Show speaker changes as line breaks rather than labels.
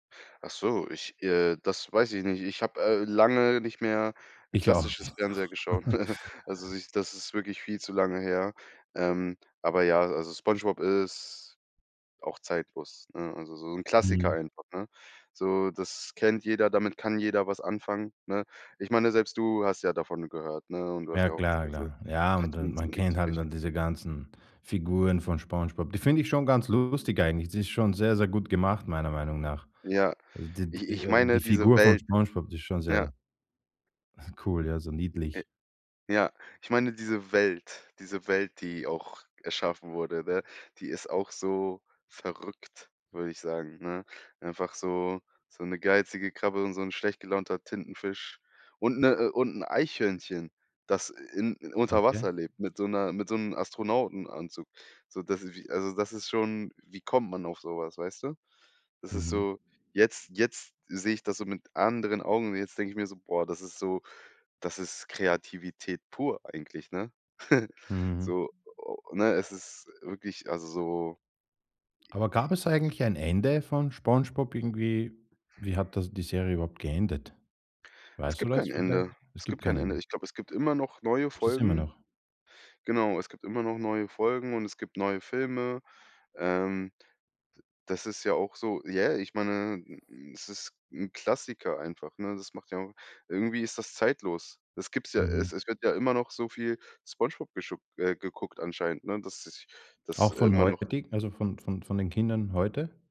Ach so, ich äh, das weiß ich nicht. Ich habe, äh, lange nicht mehr
Ich auch
klassisches
nicht.
Fernseher geschaut. Also, so, ich das ist wirklich viel zu lange her. Ähm. Aber ja, also, Spongebob ist auch zeitlos, ne? Also, so 'n Klassiker
Mhm.
einfach, ne? So, das kennt jeder, damit kann jeder was anfangen, ne? Ich meine, selbst du hast ja davon gehört, ne, und du hast
Ja
ja auch,
klar,
also
klar. Ja, und dann
Cartoons
man
sind nix
kennt
für
halt,
dich.
ne, diese ganzen Figuren von Spongebob. Die finde ich schon ganz lustig eigentlich. Die ist schon sehr, sehr gut gemacht meiner Meinung nach.
Ja,
Also d d
ich ich
äh, die
meine diese
Figur von
Welt,
Spongebob, die ist schon
ja.
sehr cool, ja, so
Äh.
niedlich.
Ja, ich meine diese Welt diese Welt, die auch erschaffen wurde, ne? Die ist auch so verrückt, würde ich sagen, ne? Einfach so so 'ne geizige Krabbe und so 'n schlecht gelaunter Tintenfisch und 'ne äh, und 'n Eichhörnchen, das, äh, in unter
Okay.
Wasser lebt mit so 'ner mit so 'nem Astronautenanzug. So, das ist wie also, das ist schon wie kommt man auf so was, weißt du? Das ist
Mhm.
so jetzt jetzt sehe ich das so mit anderen Augen und jetzt denke ich mir so: „Boah, das ist so das ist Kreativität pur eigentlich, ne?“
Mhm.
So ne, es ist wirklich, also, so
Aber gab es eigentlich ein Ende von Spongebob irgendwie? Wie hat das die Serie überhaupt geendet?
Es
Weißt du
gibt
was
kein
vielleicht?
Ende
Es
es
gibt
gibt kein
kein
Ende.
Ende.
Ich glaube, es gibt immer noch neue
Gibt es immer
Folgen.
noch?
Genau, es gibt immer noch neue Folgen und es gibt neue Filme. Ähm. D das ist ja auch so ja, ich meine, es ist 'n Klassiker einfach, ne? Das macht ja auch irgendwie ist das zeitlos. Das gibt's ja es
Mhm.
es wird ja immer noch so viel Spongebob geschu äh, geguckt anscheinend, ne, dass sich das
Auch von
immer noch
heutig also, von von von den Kindern heute?